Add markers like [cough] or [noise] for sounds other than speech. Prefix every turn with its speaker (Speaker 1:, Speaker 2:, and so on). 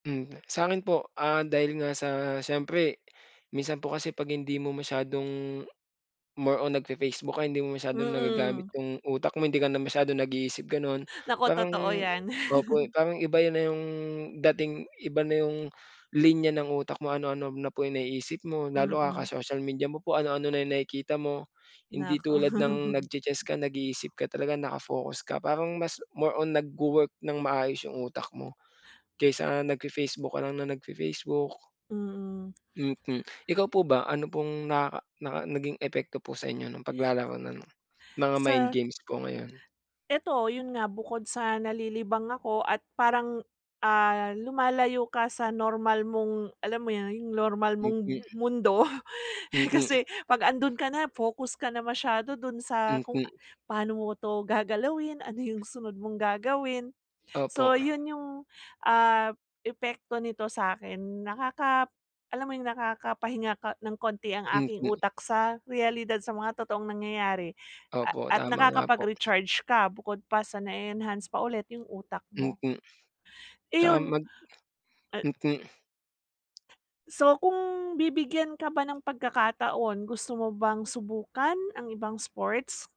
Speaker 1: Mm, sa'kin po, ah, dahil nga sa siyempre minsan po kasi ‘pag hindi mo masyadong more on nagfe-Facebook ka hindi mo masyadong nagagamit
Speaker 2: Mm.
Speaker 1: yung utak mo hindi ka na masyadong nag-iisip gano’n.
Speaker 2: Nako,
Speaker 1: Parang
Speaker 2: totoo ‘yan.
Speaker 1: opo,
Speaker 2: [chuckles]
Speaker 1: parang iba yun na yung dating, iba na yung linya ng utak mo, ano-ano na po yung naiisip mo lalo
Speaker 2: Mm.
Speaker 1: kaka-social media mo po ano-ano na yung nakikita mo, hindi
Speaker 2: Naku.
Speaker 1: tulad ng
Speaker 2: [chuckles]
Speaker 1: nagche-chess ka, nag-iisip ka talaga, naka-focus ka. Parang mas more on nagwo-work nang maayos yung utak mo kaysa nag fe-Facebook ka nang nagfe-Facebook.
Speaker 2: Mm.
Speaker 1: Mm. Ikaw po ba ano pong nakaka naka naging epekto po sa inyo ng paglalaro ng mga mind
Speaker 2: Sa
Speaker 1: games po ngayon?
Speaker 2: Ito yun nga, bukod sa nalilibang ako at parang, ah, lumalayo ka sa normal mong, alam mo yun, yung normal mong
Speaker 1: Mm.
Speaker 2: mundo, eh,
Speaker 1: Mm.
Speaker 2: kasi ‘pag andun ka na, focus ka na masyado dun sa kung a
Speaker 1: Mhm.
Speaker 2: paano mo ‘to gagalawin, ano yung sunod mong gagawin.
Speaker 1: Opo.
Speaker 2: So yun yung, ah, epekto nito sa’kin nakaka alam mo yung nakakapahinga ka nang konti ang aking
Speaker 1: Mm.
Speaker 2: utak sa reyalidad sa mga totoong nangyayari, a
Speaker 1: Opo,
Speaker 2: at
Speaker 1: tama nga po.
Speaker 2: nakakapag-recharge ka bukod pa sa na-enhance pa ulit yung utak mo.
Speaker 1: Mm. Tsaka
Speaker 2: Iyun,
Speaker 1: mag
Speaker 2: a
Speaker 1: mm.
Speaker 2: So kung bibigyan ka ba ng pagkakataon, gusto mo bang subukan ang ibang sports?